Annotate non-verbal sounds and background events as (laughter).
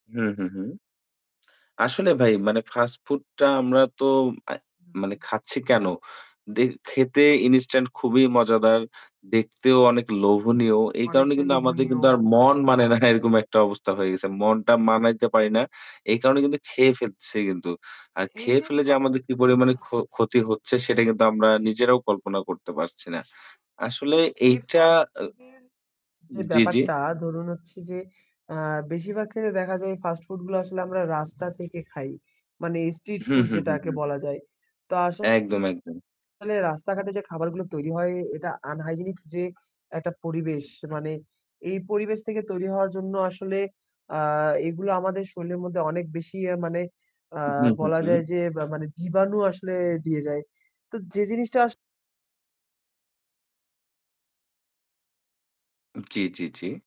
হুম, হুম, হুম। আসলে ভাই মানে fast food টা আমরা তো অ্যা মানে খাচ্ছি কেন? দে খেতে instant খুবই মজাদার। দেখতেও অনেক লোভনীয়। এই কারণে অনেকটা কিন্তু আমাদের লোভনীয়। কিন্তু আর মন মানে না। এরকম একটা অবস্থা হয়ে গেছে। মনটা মানাইতে পারি না। এই কারণে কিন্তু খেয়ে ফেলতেছি কিন্তু। আর এই খেয়ে যে (unintelligible) ফেলে যে আমাদের কি পরিমাণে ক্ষ (clears throat) ক্ষতি হচ্ছে সেটা কিন্তু আমরা নিজেরাও কল্পনা করতে পারছি না। আসলে এই এইটা fast ও food এর যে জি, জি। ব্যাপারটা ধরুন হচ্ছে যে, আ বেশিরভাগ ক্ষেত্রে দেখা যায় fast food গুলা আসলে আমরা রাস্তা থেকে খাই। মানে street হুম, food হুম, হুম, যেটাকে হুম। বলা যায়। তা একদম, আসলে একদম। রাস্তাঘাটে যে খাবারগুলো তৈরি হয় এটা unhygienic যে একটা পরিবেশ মানে এই পরিবেশ থেকে তৈরি হওয়ার জন্য আসলে, আ এগুলো আমাদের শরীরের মধ্যে অনেক বেশি ইয়া মানে, আ হুম, হুম, বলা হুম। যায় যে বা মানে জীবাণু আসলে দিয়ে যায়। তো যে জিনিসটা আস জি, জি, জি।